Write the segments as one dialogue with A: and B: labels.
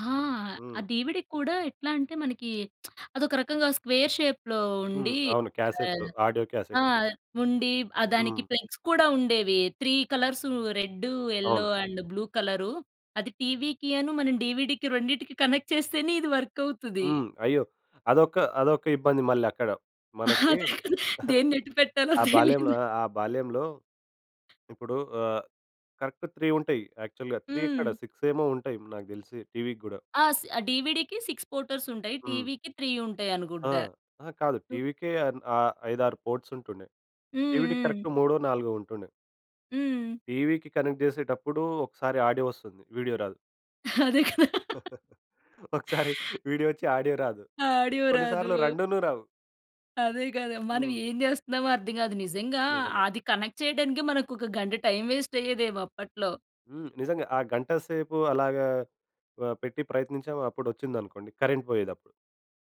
A: ఆ! ఆ
B: హ్మ్.
A: డీవీడీ‌కి కూడా ఎట్లా అంటే మనకి అదొక రకంగా స్క్వేర్ షేప్‌లో
B: హ్మ్.
A: ఉండి
B: అవును
A: ఆహ్,
B: క్యాసెట్‌లు. ఆడియో
A: ఆ!
B: క్యాసెట్‌.
A: ఉండి ఆహ్, దానికి
B: హ్మ్.
A: ప్లగ్స్ కూడా ఉండేవి, 3 కలర్సు, రెడ్డు, యెల్లో
B: అవును.
A: And blue colour. అది టీవీకి‌ అను, మనం డీవీడీకి రెండింటికి కనెక్ట్ చేస్తేనే ఇది వర్కవుతుది.
B: హ్మ్. అయ్యో! అదొక అదొక ఇబ్బంది మళ్ళీ అక్కడ మనకి.
A: అదే కదా! దేన్నెటు పెట్టాలో
B: ఆ బాల్యం
A: తెలిదు?
B: ఆ బాల్యంలో ఇప్పుడు ఆహ్, కరెక్ట్ 3 ఉంటాయి. యాక్చువల్‌గా 3 ఎక్కడ,
A: హ్మ్.
B: 6 ఏమో ఉంటాయి నాకు తెలిసి టీవీ‌కి కూడా.
A: ఆస్ ఆ డీవీడీ‌కి 6 పోర్టర్స్ ఉంటాయి.
B: హ్మ్.
A: టీవీ‌కి 3
B: ఆ!
A: ఉంటాయనుకుంటా!
B: అహా కాదు!
A: టు
B: టీవీ‌కే అన్ ఆహ్, ఐదారు పోర్ట్స్ ఉంటుండే.
A: హ్మ్
B: డీవీడీ‌కి
A: హ్మ్.
B: కరెక్ట్ మూడో నాలుగో ఉంటుండే.
A: హ్మ్.
B: టీవీ‌కి కనెక్ట్ చేసేటప్పుడు ఒకసారి ఆడియో వస్తుంది. వీడియో రాదు.
A: అదే కదా!
B: ఒకసారి వీడియో వచ్చి ఆడియో రాదు.
A: ఆడియో రాదు.
B: కొన్నిసార్లు రెండును రావు.
A: అదే కదా! మనం
B: హ్మ్.
A: ఏం చేస్తున్నామో అర్థం కాదు. నిజంగా
B: నిజమే.
A: అది కనెక్ట్ చేయడానికి మనకొక గంట టైమ్ వేస్ట్ అయ్యేదేమో అప్పట్లో.
B: హ్మ్. నిజంగా ఆ గంట సేపు అలాగా ఆహ్, పెట్టి ప్రయత్నించాం, అప్పుడోచ్చిందనుకోండి. కరెంట్ పోయేదప్పుడు.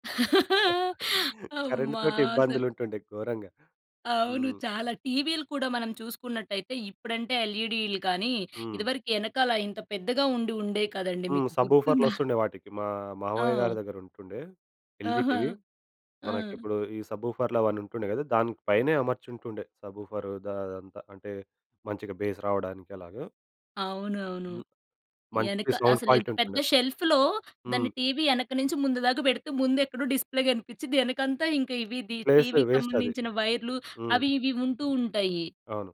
A: అమ్మ!
B: కరెంట్‌తోటి
A: అసలు
B: ఇబ్బందులుంటుండే ఘోరంగా.
A: అవును
B: హ్మ్.
A: చాలా. టీవీ‌లు కూడా మనం చూసుకున్నట్టయితే ఇప్పుడంటే లెఈడి‌లు గాని
B: హ్మ్.
A: ఇదివరకు వెనకాల ఇంత పెద్దగా ఉండి ఉండేవి కదండీ!
B: హ్మ్.
A: మీకు
B: సబూఫర్‌లు
A: గుర్తుందా?
B: వస్తుండే వాటికి మా
A: ఆ!
B: మామయ్య‌గారి దగ్గర ఉంటుండే. ఎల్‌జి
A: ఆహా!
B: టీవీ.
A: ఆ!
B: మనకిప్పుడు ఈ సబూఫర్‌లవన్నీ ఉంటుండే కదా! దాని పైనే అమర్చుంటుండే సబూఫరు దా అదంతా. అంటే మంచిగా బేస్ రావడానికి అలాగ.
A: అవునవును.
B: హ్మ్. మంచి
A: యెనక
B: సౌండ్
A: అసలు
B: క్వాలిటీ
A: ఎంత పెద్ద
B: ఉంటుండే.
A: షెల్ఫ్‌లో దాన్ని
B: హ్మ్.
A: టీవీ వెనక నుంచి ముందు దాకా పెడితే ముందెక్కడో డిస్‌ప్లే కనిపించిద్ది. వెనకంతా ఇక ఇవి‌ ది
B: ప్లేస్
A: టీవీ‌కి
B: వేస్టది.
A: సంబంధించిన వైర్‌లు
B: హ్మ్.
A: అవి ఇవి వుంటూ ఉంటాయి.
B: అవును.